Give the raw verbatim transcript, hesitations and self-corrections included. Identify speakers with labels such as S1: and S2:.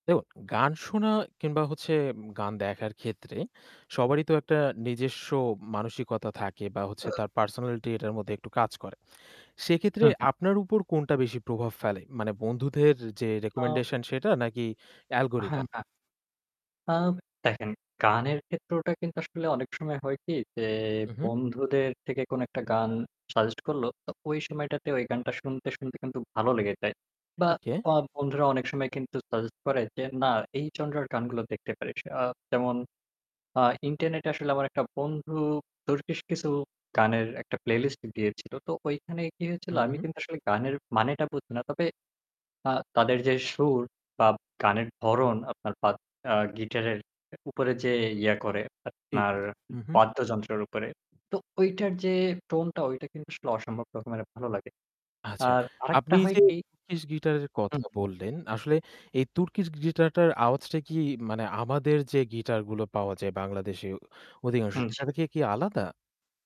S1: দেখু গান শোনা কিংবা হচ্ছে গান দেখার ক্ষেত্রে সবারই তো একটা নিজেস্ব মানসিকতা থাকে, বা হচ্ছে তার পার্সোনালিটি এটার মধ্যে একটু কাজ করে। সেক্ষেত্রে
S2: হু, হু।
S1: আপনার উপর কোনটা বেশি প্রভাব ফেলে? মানে বন্ধুদের যে
S2: আ
S1: recommendation সেটা নাকি
S2: হ্যাঁ,
S1: algorithm?
S2: হ্যাঁ। আ দেখেন, গানের ক্ষেত্রটা কিন্তু আসলে অনেক সময় হয় কি যে
S1: উ হুম।
S2: বন্ধুদের থেকে কোন একটা গান সাজেস্ট করলো, তো ওই সময়টাতে ওই গানটা শুনতে, শুনতে কিন্তু ভালো লেগে যায়। বা
S1: ওকে।
S2: আ বন্ধুরা অনেক সময় কিন্তু সাজেস্ট করে, যে না এই জনরার গানগুলো দেখতে পারিস। আ যেমন আ ইন্টারনেটে আসলে আমার একটা বন্ধু তুর্কিশ কিছু গানের একটা প্লেলিস্ট দিয়েছিল। তো ঐখানে কি
S1: উ
S2: হয়েছিল? আমি
S1: হু।
S2: কিন্তু আসলে গানের মানেটা বুঝি না। তবে আ তাদের যে সুর বা গানের ধরন আপনার বা অ্যা গিটারের উপরে যে ইয়া করে
S1: ঠিক
S2: আপনার
S1: আছে। হু, হু।
S2: বাদ্যযন্ত্রের উপরে। তো ঐটার যে টোন টা ঐটা কিন্তু আসলে অসম্ভব রকমের ভালো লাগে।
S1: আচ্ছা,
S2: আর
S1: আপনি
S2: আরেকটা হয়
S1: যে
S2: কি
S1: turkish guitar এর
S2: হু,
S1: কথা
S2: হু।
S1: বললেন, আসলে এই turkish griter টার আওয়াজটা কি মানে আমাদের যে গিটার গুলো পাওয়া যায় বাংলাদেশে অধিকাংশ,
S2: উম জি।
S1: সেটা থেকে কি আলাদা?